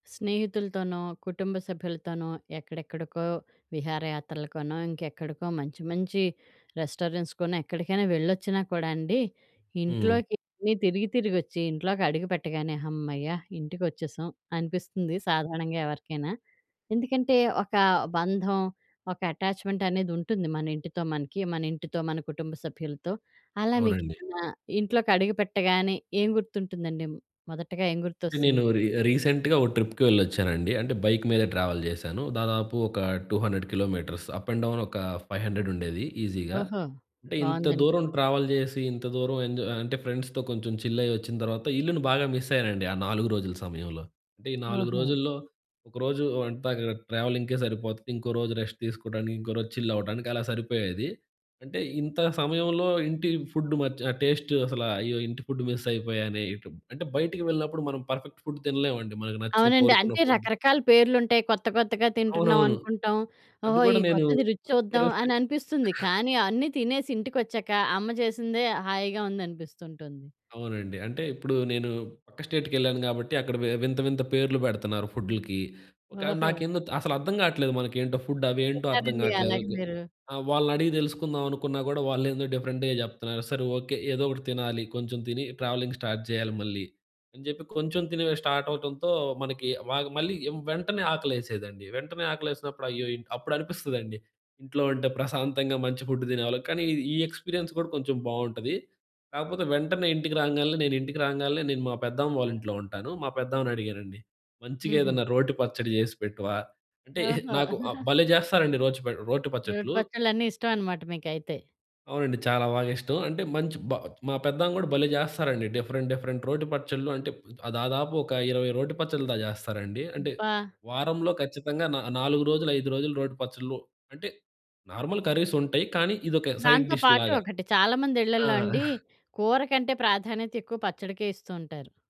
స్నేహితులతోనో, కుటుంబ సభ్యులతోనో ఎక్కడెక్కడికో విహారయాత్రలకనో, ఇంకెక్కడికో మంచి మంచి రెస్టారెంట్స్‌కనో ఎక్కడికైనా వెళ్లొచ్చినా కూడా అండి, హ్మ్. ఇంట్లోకి తిరిగి తిరిగొచ్చి ఇంట్లోకి అడుగుపెట్టగానే హమ్మయ్య! ఇంటికొచ్చేసాం అనిపిస్తుంది, సాధారణంగా ఎవరికైనా. ఎందుకంటే, ఒక బంధం, ఒక అటాచ్‌మెంట్ అనేదుంటుంది మన ఇంటితో మనకి. మన ఇంటితో, మన కుటుంబ సభ్యులతో. అలా అవునండి. మీకేమన్నా ఇంట్లోకి అడుగు పెట్టగానే, ఏం గుర్తుంటుందండి? మొదటగా ఏం అంటే గుర్తొస్తుంది? నేను రీ రీసెంట్‌గా ఓ ట్రిప్‌కి వెళ్ళొచ్చానండి. అంటే బైక్ మీద ట్రావెల్ చేశాను. దాదాపు ఒక 200 కిలోమీటర్స్. అప్ అండ్ డౌన్ ఒక ఫైవ్ హండ్రెడుండేది ఈసీగా. ఓహో! అంటే ఇంత బావుందండి. దూరం ట్రావెల్ జేసి, ఇంత దూరం ఎంజాయ్ అంటే ఫ్రెండ్స్‌తో కొంచెం చిల్ అయ్యొచ్చిన తర్వాత, ఇల్లుని బాగా మిస్ అయ్యానండి ఆ 4 రోజుల సమయంలో. అంటే ఈ 4 ఓహొ! రోజుల్లో, ఒకరోజు అంతా ట్రావెలింగ్‌కే సరిపోతది. ఇంకో రోజు రెస్ట్ తీసుకోడానికి, ఇంకో రోజు చిల్ అవ్వటానికి అలా సరిపోయేది. అంటే, ఇంత సమయంలో ఇంటి ఫుడ్ మచ్ టేస్ట్ అసలు అయ్యో! ఇంటి ఫుడ్ మిస్ అయిపోయానే ఇటు. అంటే బయటకి వెళ్ళినప్పుడు మనం పర్ఫెక్ట్ ఫుడ్ తినలేమండి. మనకు నచ్చిన అవునండి. కోరుకున్న అంటే ఫుడ్ రకరకాల పేర్లుంటాయి. కొత్త కొత్తగా తింటున్నాం అవునవును. అనుకుంటాం. అది ఓహో! ఈ కూడా నేను కొత్తది రుచి చూద్దాం కరస్టే అననిపిస్తుంది కానీ, అన్నీ తినేసి ఇంటికొచ్చాక, అమ్మ చేసిందే హాయిగా ఉందనిపిస్తుంటుంది. అవునండి. అంటే ఇప్పుడు నేను పక్క స్టేట్‌కెళ్ళాను గాబట్టి అక్కడ వి వింత వింత పేర్లు పెడుతున్నారు ఫుడ్లకి. కాదు ఓహో! నాకేందో త్ అసలు అర్థం గాట్లేదు మనకేంటో ఫుడ్ అవేంటో అర్థం ఉన్నారండి, గాట్లేదు. అలాగే కు మీరు? ఆహ్, వాళ్ళనడిగి తెలుసుకుందావనుకున్నా గూడా, వాళ్ళేందో డిఫరెంట్‌గా జెప్తన్నారు. సరే ఓకే. ఏదోకటి తినాలి, కొంచెం తిని ట్రావెలింగ్ స్టార్ట్ జెయ్యాలి మళ్ళీ, అని చెప్పి కొంచెం తినివే స్టార్ట్ అవ్వటంతో, మనకి వాగ్ మళ్ళీ వెంటనే ఆకలేసేదండి. వెంటనే ఆకలేసినప్పుడు అయ్యో! ఇన్ అప్పుడనిపిస్తదండి. ఇంట్లో ఉంటే ప్రశాంతంగా మంచి ఫుడ్డు తినేవాళ్ళం. కానీ, ఇది ఈ ఎక్స్‌పీరియన్స్ కూడా కొంచెం బావుంటది. కాకపోతే వెంటనే ఇంటికి రాంగాలనే, నేనింటికి రాంగాలనే, నేను మా పెద్దామ్మ వాళ్ళింట్లో ఉంటాను. మా పెద్దమ్మని అడిగానండి. మంచిగా హుహు. ఏదన్నా రోటి పచ్చడి జేసి పెట్టవా? అంటే ఓహొ! నాకు ఆహ్, భలే చేస్తారండి రోచ్ ప రోటి రోటి పచ్చట్లు. పచ్చళ్ళన్నీ ఇష్టమనమాట మీకైతే. అవునండి. చాలా బాగా ఇష్టం. అంటే మంచి బా మా పెద్దమ్మ గూడా భలే జేస్తారండి. డిఫరెంట్ డిఫరెంట్ రోటి పచ్చళ్లు అంటే, ప్ దాదాపు ఒక 20 రోటి పచ్చళ్ళ దాకా చేస్తారండి. అంటే, అబ్బా! వారంలో ఖచ్చితంగా నా నాలుగు రోజులు, ఐదు రోజులు రోటి పచ్చళ్లు. అంటే నార్మల్ కర్రీసుంటాయి. కానీ ఇదొక సైడ్ దాంతో డిష్ పాటు లాగా. ఒకటి, చాలామంది ఆ! ఇళ్లల్లో అండి, కూర కంటే ప్రాధాన్యత ఎక్కువ, పచ్చడికే ఇస్తూ ఉంటారు.